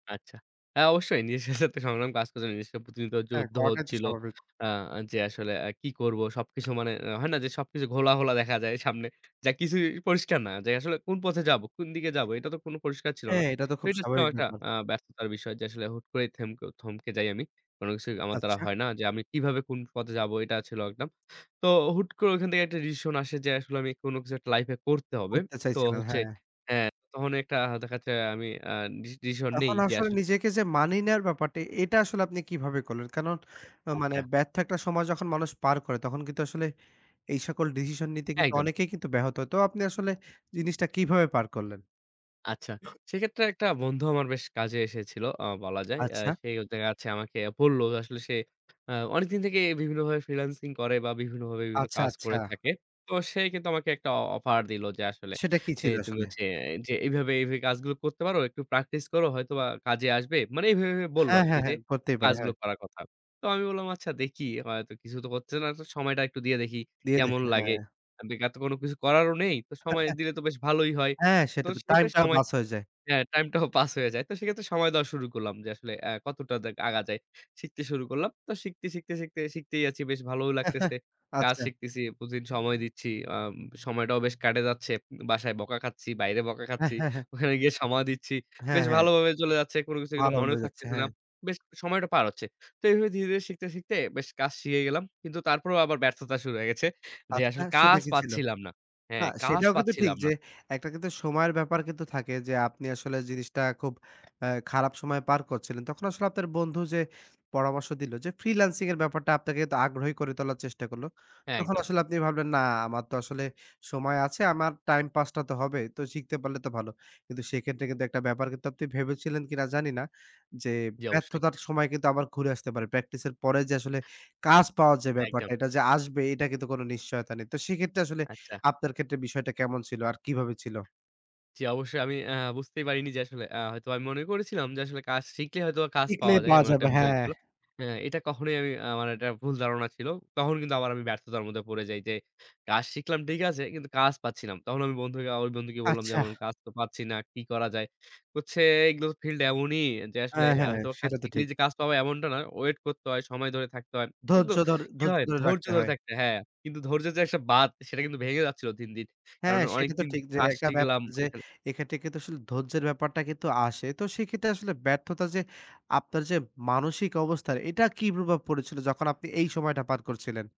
আচ্ছা। হ্যাঁ অবশ্যই নিজের সাথে তো সংগ্রাম কাজ করছে। জিনিসটা প্রতিযোগিতা হ্যাঁ, যুদ্ধ করাটাই তো হচ্ছিল। স্বাভাবিক। আ যে আসলে আ কি করব, সবকিছু মনে হয় না যে সবকিছু ঘোলা, ঘোলা দেখা যায় সামনে। যা কিছুই পরিষ্কার না। যে আসলে কোন পথে যাবো, কোন দিকে যাবো? এটা তো কোনো পরিষ্কার ছিল না। হ্যাঁ, এটা তো তো খুব এটা ছিল স্বাভাবিক একটা ব্যাপার। আ ব্যস্ততার বিষয় যে, আসলে হুট করে থেমকে থমকে যাই আমি। কোন কিছুই আমার দ্বারা আচ্ছা। হয় না যে আমি কিভাবে কোন পথে যাব, এটা ছিল একদম। তো হুট করে ঐখান থেকে একটা ডিসিশন আসে যে, আসলে আমি কোন কিছু একটা লাইফে করতে হবে। করতে তো চাইছিলেন, হচ্ছে, হ্যাঁ। হ্যাঁ, তখন একটা দেখা যাচ্ছে আমি আ ডি ডিসিশন নেই তখন যে আসলে আসলে নিজেকে যে মানিয়ে নেওয়ার ব্যাপারটা, এটা আসলে আপনি কিভাবে করলেন? কারণ, অ্যা মানে আচ্ছা। ব্যর্থ একটা সময় যখন মানুষ পার করে, তখন কিন্তু আসলে এই সকল ডিসিশন নিতে কিন্তু একদম। অনেকেই কিন্তু ব্যাহত হয়। তো আপনি আসলে জিনিসটা কিভাবে পার করলেন? আচ্ছা, সেক্ষেত্রে একটা বন্ধু আমার বেশ কাজে এসেছিল আ বলা যায়। আ আচ্ছা। সে হচ্ছে দেখা যাচ্ছে আমাকে বলল, আসলে সে আ অনেকদিন থেকেই বিভিন্নভাবে ফ্রিল্যান্সিং করে বা বিভিন্নভাবে বিভিন্ন আচ্ছা, কাজ করে আচ্ছা। থাকে। তো সে কিন্তু আমাকে একটা অফার দিলো যে, আসলে সেটা, কি যে ছিল তুমি আসলে? হচ্ছে যে "এইভাবে, এইভাবে কাজগুলো করতে পারো, একটু প্র্যাকটিস করো। হয়তোবা কাজে আসবে।" মানে এইভাবে এইভাবে বললো হ্যাঁ, আরকি, হ্যাঁ, যে হ্যাঁ করতেই পারে। কাজগুলো হ্যাঁ। করার কথা। তো আমি বললাম, "আচ্ছা দেখি," হয়তো কিছু তো করতে হচ্ছে না। সময়টা একটু দিয়ে দেখি দিয়ে কেমন দেখেন, লাগে। হ্যাঁ। এত কোনো কিছু করারও নেই। তো সময় দিলে তো বেশ ভালোই হয়। হ্যাঁ, তো সেটা তো সেই টাইমটাও সময় বাস হয়ে যায়। হ্যাঁ, টাইমটাও পাস হয়ে যায়। তো সেক্ষেত্রে সময় দেওয়া শুরু করলাম, যে আসলে আ কতটা দেক আগা যায়। শিখতে শুরু করলাম। তো শিখতে, শিখতে শিখতেই আছি। বেশ ভালোও লাগতেছে। কাজ আচ্ছা। শিখতেছি, প্রতিদিন সময় দিচ্ছি। আ সময়টাও বেশ কেটে যাচ্ছে। বাসায় বকা খাচ্ছি, বাইরে বকা খাচ্ছি। হ্যাঁ। ওখানে গিয়ে সময় দিচ্ছি। হ্যাঁ, বেশ হ্যাঁ। ভালোভাবে চলে যাচ্ছে। কোন কিছু কিন্তু ভালো মনেও হয়ে যাচ্ছে, থাকতেছে না। হ্যাঁ। বেশ সময়টা পার হচ্ছে। তো এভাবে ধীরে, ধীরে শিখতে, শিখতে বেশ কাজ শিখে গেলাম। কিন্তু তারপরেও আবার ব্যর্থতা শুরু হয়ে গেছে। যে আচ্ছা, আসলে সেটা কাজ কি ছিল? পাচ্ছিলাম না। না, হ্যাঁ, কাজ সেটাও কিন্তু ঠিক পাচ্ছিলাম না। যে একটা কিন্তু সময়ের ব্যাপার কিন্তু থাকে যে, আপনি আসলে জিনিসটা খুব অ্যা খারাপ সময়ে পার করছিলেন। তখন আসলে আপনার বন্ধু যে, পরামর্শ দিলো যে, ফ্রিল্যান্সিংয়ের ব্যাপারটা আপনাকে আগ্রহী করে তোলার চেষ্টা করল। হ্যাঁ, তখন একদম। আসলে আপনি ভাবলেন না, আমার তো আসলে সময় আছে, আমার টাইম পাসটা তো হবে। তো শিখতে পারলে তো ভালো। কিন্তু সেক্ষেত্রে কিন্তু একটা ব্যাপার, কিন্তু আপনি ভেবেছিলেন কিনা জানি না। যে জি, অবশ্যই। ব্যর্থতার সময় কিন্তু আবার ঘুরে আসতে পারে। প্র্যাকটিসের পরে যে আসলে কাজ পাওয়ার ব্যাপারটা, একদম। এটা যে আসবে, এটা কিন্তু কোনো নিশ্চয়তা নেই। তো সেক্ষেত্রে আসলে আচ্ছা। আপনার ক্ষেত্রে বিষয়টা কেমন ছিল আর কিভাবে ছিল? জি, অবশ্যই। আমি আ বুঝতেই পারিনি যে আসলে আ হয়তো আমি মনে করেছিলাম যে, আসলে কাজ শিখলেই হয়তো কাজ টিকলে পাওয়া যায়। পাওয়া এমন একটা যাবে, বিষয় হ্যাঁ। ছিল। হ্যাঁ এটা কখনোই আমি, আমার একটা ভুল ধারণা ছিল। তখন কিন্তু আবার আমি ব্যর্থতার মধ্যে পড়ে যাই। যে কাজ শিখলাম ঠিক আছে, কিন্তু কাজ পাচ্ছি না। তখন আমি বন্ধু বন্ধুকে বললাম যে, আচ্ছা। "আমার তো কাজ পাচ্ছি না। কি করা যায়?" বলছে, "এগুলো ফিল্ড এমনই যে অ্যা আসলে আ হ্যাঁ তো সেটা তো, শিখলেই ঠিক। যে কাজ পাওয়া, এমনটা না। ওয়েট করতে হয়, সময় ধরে থাকতে হয়।" কিন্তু ধৈর্য ধর কি ধৈর্য হয়, ধরে, ধৈর্য রাখতে ধরে হয়। থাকতে হয় হ্যাঁ, কিন্তু ধৈর্যের যে একটা বাঁধ, সেটা কিন্তু ভেঙে যাচ্ছিল দিন, দিন। কারণ হ্যাঁ সেটা তো অনেকদিন ঠিক যে, কাজ একটা শিখলাম ব্যাপার যে ঐখানে এক্ষেত্রে কিন্তু আসলে ধৈর্যের ব্যাপারটা কিন্তু আসে। তো সেক্ষেত্রে আসলে ব্যর্থতা যে আপনার যে, মানসিক অবস্থার এটা কি প্রভাব পড়েছিল যখন আপনি এই সময়টা পার করছিলেন?